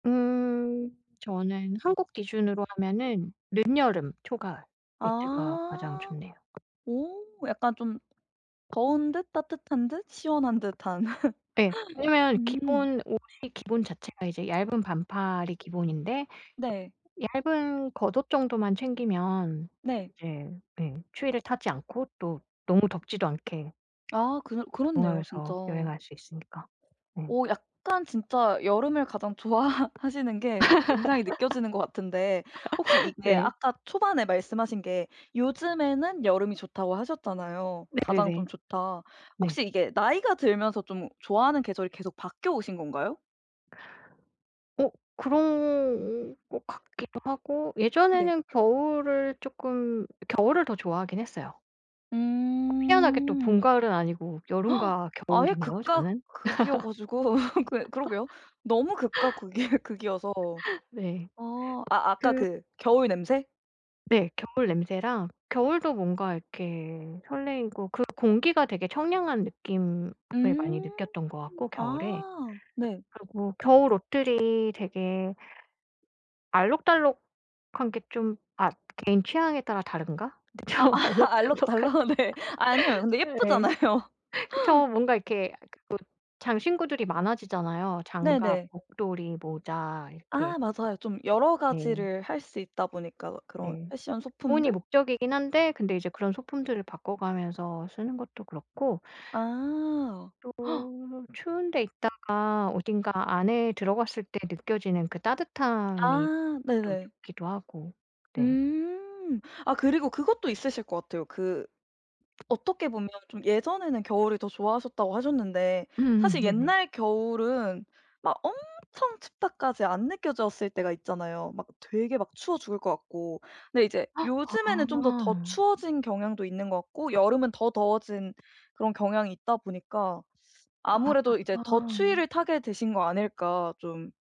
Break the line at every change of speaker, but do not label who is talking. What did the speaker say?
음 저는 한국 기준으로 하면은 늦여름 초가을 이때가 가장
아
좋네요.
오 약간 좀 더운 듯 따뜻한 듯 시원한 듯한.
예. 왜냐면
음.
기본 옷이 기본 자체가 이제 얇은 반팔이 기본인데
네.
얇은 겉옷 정도만 챙기면
네.
이제 네 추위를 타지 않고 또 너무 덥지도 않게
아 그러 그렇네요 진짜.
적응하면서 여행할
어
수 있으니까. 네.
약간 진짜 여름을 가장 좋아하시는 게 굉장히 느껴지는 것 같은데 혹시 이게
네.
아까 초반에 말씀하신 게 요즘에는 여름이 좋다고 하셨잖아요. 가장
네네네.
좀 좋다.
네.
혹시 이게 나이가 들면서 좀 좋아하는 계절이 계속 바뀌어오신 건가요?
어 그런 것 같기도 하고
네.
예전에는 겨울을 쪼끔 겨울을 더 좋아하긴 했어요. 희한하게 또 봄
음.
가을은 아니고 여름과
아예
겨울이네요
극과
저는.
극이여 가지고 그 그러게요. 너무 극과 극이 극이어서.
네.
아 아 아까
그
그 겨울 냄새?
네, 겨울 냄새랑 겨울도 뭔가 이렇게 설레이고 그 공기가 되게 청량한 느낌을 많이
음
느꼈던 것 같고 겨울에.
아 네.
그리고 겨울 옷들이 되게 알록달록한 게 좀 아 개인 취향에 따라 다른가?
아
좀
아
알록달록한
알록달록 네. 아니에요. 근데
네.
예쁘잖아요.
그쵸. 뭔가 이렇게 뭐 장신구들이 많아지잖아요. 장갑
네네.
목도리 모자 이렇게.
아 맞아요. 좀 여러
네.
가지를 할 수 있다 보니까 그런
네.
패션
보온이
소품들.
목적이긴 한데 근데 이제 그런 소품들을 바꿔가면서 쓰는 것도 그렇고
아
또 추운 데 있다가 어딘가 안에 들어갔을 때 느껴지는 그 따뜻함이
아
또
네네.
좋기도 하고. 네.
음 아 그리고 그것도 있으실 것 같아요. 그 어떻게 보면 좀 예전에는 겨울을 더 좋아하셨다고 하셨는데
음
사실
네네.
옛날 겨울은 막 엄청 춥다까지 안 느껴졌을 때가 있잖아요. 막 되게 막 추워 죽을 것 같고. 근데 이제 요즘에는 좀 더, 더
아.
추워진 경향도 있는 것 같고 여름은 더 더워진 그런 경향이 있다 보니까 아무래도 이제 더
아.
추위를 타게 되신 거 아닐까 좀